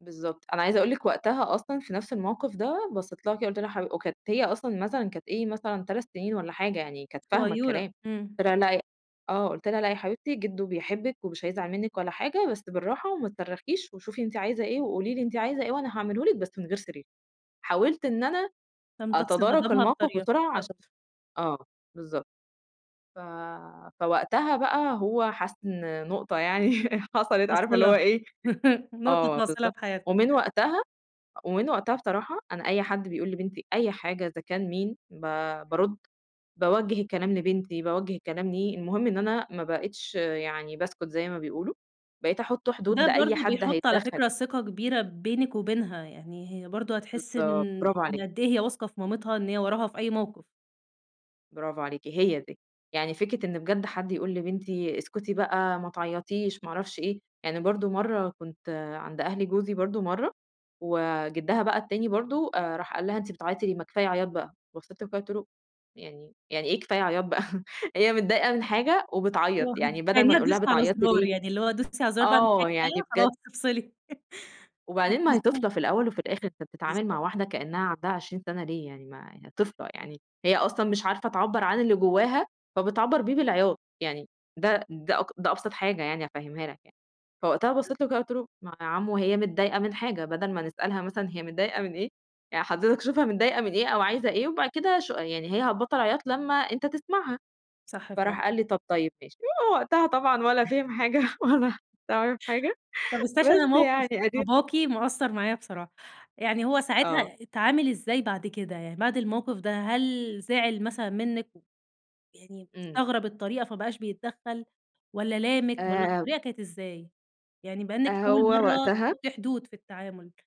بالضبط، أنا عايزة أقول لِك وقتها أصلًا في نفْس الموقف ده بصّيت لها كده قُلت لها حـب وكانت هي أصلًا مثلًا كانت إيه مثلًا 3 سنين والّا حاجة، يعني كانت فاهمة صغيّورة، الكلام، امم. قُلت لها لأ آه قُلت لها: "لأ يا حبيبتي، جدو بيحبِك ومش هيزعل منِك ولا حاجة، بس بالراحة وما تصرخيش وشوفي أنتِ عايزة إيه، وقولي لي أنتِ عايزة إيه وأنا هاعمله لِك بس من غير صريخ." حاولت إن أنا تمتص أتدارك غضبها الموقف بالطريقة، بسرعة عشان بالضبط. آه بالضبط، ف فوقتها بقى هو حس إن نقطة يعني حصلت عارفة اللي هو فاصلة، إيه نقطة آه فاصلة بالضبط، في حياتِك. ومن وقتها ومن وقتها بصراحة أنا أي حد بيقول لبنتي أي حاجة إذا كان مين، ب بارد باوجه الكلام لبنتي باوجه الكلام ليه، المهم إن أنا ما بقيتش يعني باسكُت زي ما بيقولوا، بقيت أحط حدود وده لأي برضه حد بيحط على هيتدخّل. فكرة ثقة كبيرة بينِك وبينها، يعني هي برضه هتحس إن بالضبط، برافو عليكِ. إن قد إيه هي واثقة في مامتها إن هي وراها في أي موقف. برافو عليكِ هي دي، يعني فكرة إن بجد حد يقول لبنتي اسكتي بقى ما تعيطيش ما أعرفش إيه، يعني برضه مَرّة كنت عند أهل جوزي برضه مَرّة، وجِدّها بقى التاني برضه راح قال لها: "أنتِ بتعيّطي ليه ما كفاية عياط بقى" بصّيت له كده قُلت له: "يعني يعني ايه كفاية عياط بقى هي متضايقة من حاجة وبتعيّط، آه يعني بدل ما خليها نقول تدوس لها على بتعيطي زرار، ليه" يعني اللي هو دوسي على الزرار آه يعني [unintelligible] بجد خلاص افصلي. وبعدين ما هي [unintelligible] طفلة في الأول وفي الآخر، أنت بتتعامل بالضبط. مع واحدة كإنها عندها 20 سنة ليه يعني ما طفلة، يعني هي أصلًا مش عارفة تعبّر عن اللي جواها فبتعبّر بيه بالعياط، يعني ده ده اك ده أبسط حاجة يعني أفهمها لك يعني، فوقتها بصّيت له كده وقُلت له: "ما يا عمُه هي متضايقة من حاجة بدل ما نسألها مثلًا هي متضايقة من إيه، يعني حضرتك شوفها متضايقة من إيه أو عايزة إيه وبعد كده شو يعني هي هتبطّل عياط لمّا أنت تسمعها" صح فعلًا. فراح قال لي طب طيب ماشي، وقتها طبعًا ولا فِهم حاجة ولا ولا عرِف حاجة، طب استني بس عشان موقف يعني أدي باباكِ مأثّر معايا بصراحة، يعني هو آه. ساعتها اتعامل إزاي بعد كده يعني، بعد الموقف ده هل زعل مثلًا منِك؟ يعني إمم. استغرب الطريقة فما بقاش بيتدخّل، والّا لامِك والّا آآ الطريقة كانت إزاي؟ يعني بما إنِك أول هو مَرّة وقتها تحطّي حدود في التعامل.